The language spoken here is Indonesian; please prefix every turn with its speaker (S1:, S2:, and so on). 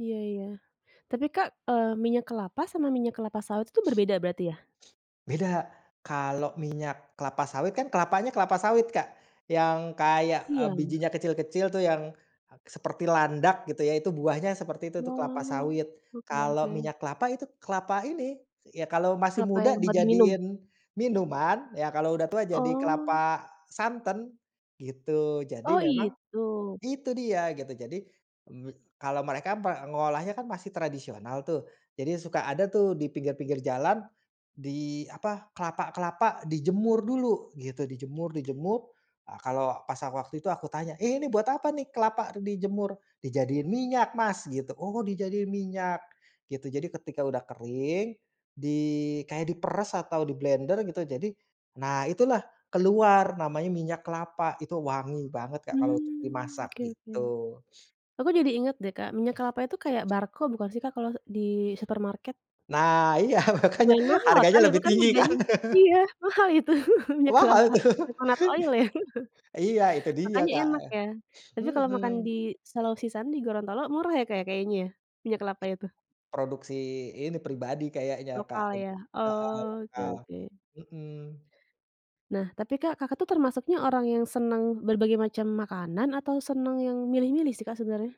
S1: Iya iya, tapi Kak, eee, minyak kelapa sama minyak kelapa sawit itu berbeda berarti ya?
S2: Beda, kalau minyak kelapa sawit kan kelapanya kelapa sawit Kak, yang kayak, eee,
S1: Iya.
S2: bijinya kecil-kecil tuh yang, seperti landak gitu ya itu buahnya seperti itu tuh kelapa
S1: Wah,
S2: sawit,
S1: oke
S2: kalau
S1: oke.
S2: minyak kelapa itu kelapa ini, ya kalau masih
S1: Kelapa
S2: muda
S1: yang buat diminum?
S2: dijadiin, minuman, ya kalau udah tua jadi
S1: Oh.
S2: kelapa santan, gitu jadi
S1: Oh
S2: memang,
S1: itu.
S2: itu dia gitu jadi me kalau mereka mengolahnya kan masih tradisional tuh, jadi suka ada tuh di pinggir-pinggir jalan, di apa, kelapa-kelapa dijemur dulu gitu, dijemur dijemur, a kalau pas waktu itu aku tanya, "Eh, ini buat apa nih kelapa dijemur?" "Dijadiin minyak Mas," gitu, "Oh dijadiin minyak," gitu, jadi ketika udah kering di kayak diperes atau diblender gitu jadi nah itulah keluar namanya minyak kelapa, itu wangi banget Kak kalau untuk
S1: Mmm,
S2: dimasak
S1: oke oke,
S2: gitu.
S1: aku jadi inget deh Kak minyak kelapa itu kayak Barco bukan sih Kak kalau di supermarket?
S2: Nah iya makanya
S1: Lumayan mahal
S2: harganya
S1: kan itu
S2: lebih
S1: kan
S2: tinggi kan.
S1: harganya. Iya mahal itu minyak
S2: Wah
S1: kelapa
S2: aduh,
S1: coconut oil ya
S2: iya itu dia
S1: makanya
S2: Kak,
S1: enak ya, tapi kalau makan
S2: mhm.
S1: di Selau Sisan di Gorontolo murah ya Kak kayaknya ya? Minyak kelapa itu.
S2: Produksi ini pribadi kayaknya Kak,
S1: Lokal
S2: lebi
S1: ya,
S2: heeh
S1: oke
S2: lokal.
S1: oke.
S2: Mhm.
S1: Nah tapi Kak, Kakak tuh termasuknya orang yang senang berbagai macam makanan atau senang yang milih-milih sih Kak sebenarnya?